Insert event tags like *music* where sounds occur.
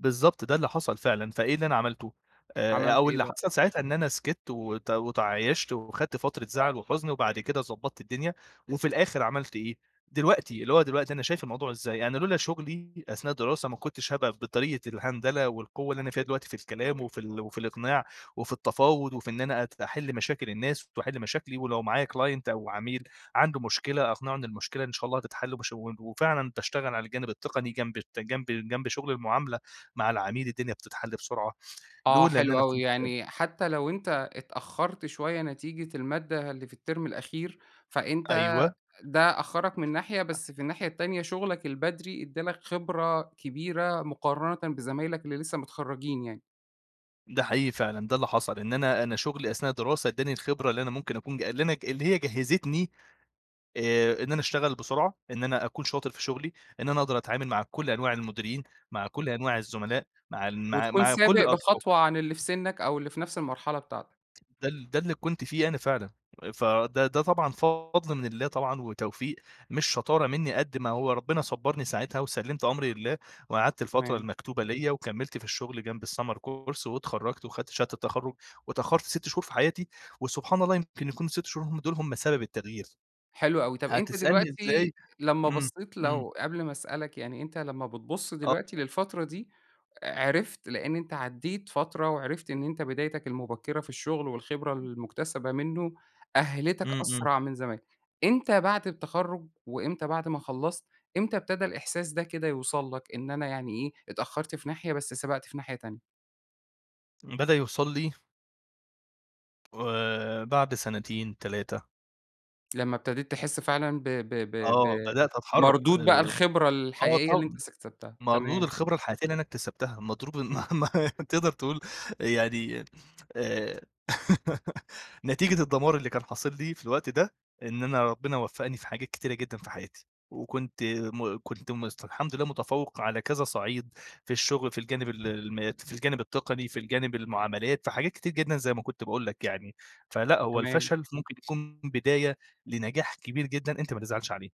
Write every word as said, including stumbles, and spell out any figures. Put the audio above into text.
بالضبط، ده اللي حصل فعلًا، فإيه اللي أنا عملته، آآ عملت أو إيه اللي بقى؟ حصل ساعتها إن أنا سكِتت وت وتعايشت وخدت فترة زعل وحزن وبعد كده ضبَّطت الدنيا، وفي الآخر عملت إيه، دلوقتي اللي هو دلوقتي أنا شايف الموضوع إزاي؟ أنا لولا شُغلي أثناء الدراسة ما كُنتش هابقى ف بطريقة الهندلة والقوة اللي أنا فيها دلوقتي، في الكلام وفي ال وفي الإقناع، وفي التفاوض وفي إن أنا أت أحل مشاكل الناس، ت وأحل مشاكلي، ولو معايا client أو عميل، عنده مشكلة أقنعه إن المشكلة إن شاء الله هتتحل، وباش و وفعلًا باشتغل على الجانب التقني جنب ت جنب جنب شُغل المعاملة، مع العميل الدنيا بتتحل بسرعة، آه لولا إن حلو أنا أوي، كنت يعني حتّى لو أنت اتأخّرت شوية نتيجة المادّة اللي في التيرم الأخير، فأنت أيوه. ده أخّرك من ناحية بس في الناحية التانية شُغلك البدري ادَّى لَك خبرة كبيرة مقارنةً بزمايلك اللي لسّه متخرجين يعني. ده حقيقي فعلًا، ده اللي حصل إن أنا أنا شُغلي أثناء الدراسة ادّاني الخبرة اللي أنا مُمكن أكون ج اللي أنا اللي هي جَهّزتني آآ إن أنا اشتغل بسرعة، إن أنا أكون شاطر في شُغلي، إن أنا أقدر أتعامل مع كلّ أنواع المديرين، مع كلّ أنواع الزملاء مع ن مع وتكون مع كلّ سابق الأطراف. بخطوة عن اللي في سنَّك، أو اللي في نفْس المرحلة بتاعتك. ده ال ده اللي كنت فيه أنا فعلًا، فده ده طبعًا فضل من الله طبعًا وتوفيق، مش شطارة منّي قد ما هو ربنا صبّرني ساعتها وسَلِّمت أمري لله، وقعدت الفترة تمام. المكتوبة ليَّ وكمِّلت في الشُغل جنب الSummer course واتخرّجت وخدت شهادة التخرّج، واتأخّرت سِت شهور في حياتي، وسبحان الله يمكن يكونوا السِت شهور هُم دُول هُم سبب التغيير، حلو أوي، طَب أنت هتسألني دلوقتي إزاي لمّا إمم، بَصّيت إمم. لو قبل ما أسألك يعني أنت لمّا بتبُص آه. دلوقتي للفترة دي، عرفت لإن أنت عدّيت فترة وعرفت إن أنت بدايتك المُبكّرة في الشغل والخبرة *unintelligible* المُكتسبة منه، أهّلِتك إمم، إمم. أسرع من زمان، إمتى بعد التخرُج، وإمتى بعد ما خلّصت، إمتى ابتدى الإحساس ده كده يوصل لَك؟ إن أنا يعني إيه، اتأخّرت في ناحية، بس سبقت في ناحية تانية. بدأ يوصل لي آآ، بعد سنتين تلاتة. لمّا ابتديت تحسّ فعلًا ب ب ب ب آه، بدأت أتحرّك مردود بقى آآ الخبرة آه الحقيقية اللي أنت طب اس اكسبتها، مردود تمام. الخبرة الحياتية اللي أنا اكتسبتها مضروب، إمم. ما ما تقدر تقول يعني آآ، *laughs* نتيجة الدمار اللي كان حاصل لي في الوقت ده، إن أنا ربنا وفّقني في حاجات كتيرة جدًا في حياتي، وكنت م كنت مست الحمد لله متفوّق على كذا صَعيد، في الشُغل، في الجانب ال المات في الجانب التقني، في الجانب المعاملات في حاجات كتير جدًا زي ما كُنت باقول لَك يعني، فلأ هو تمام. الفشل ف مُمكن يكون بداية لنجاح كبير جدًا أنت ما تزعلش عليه.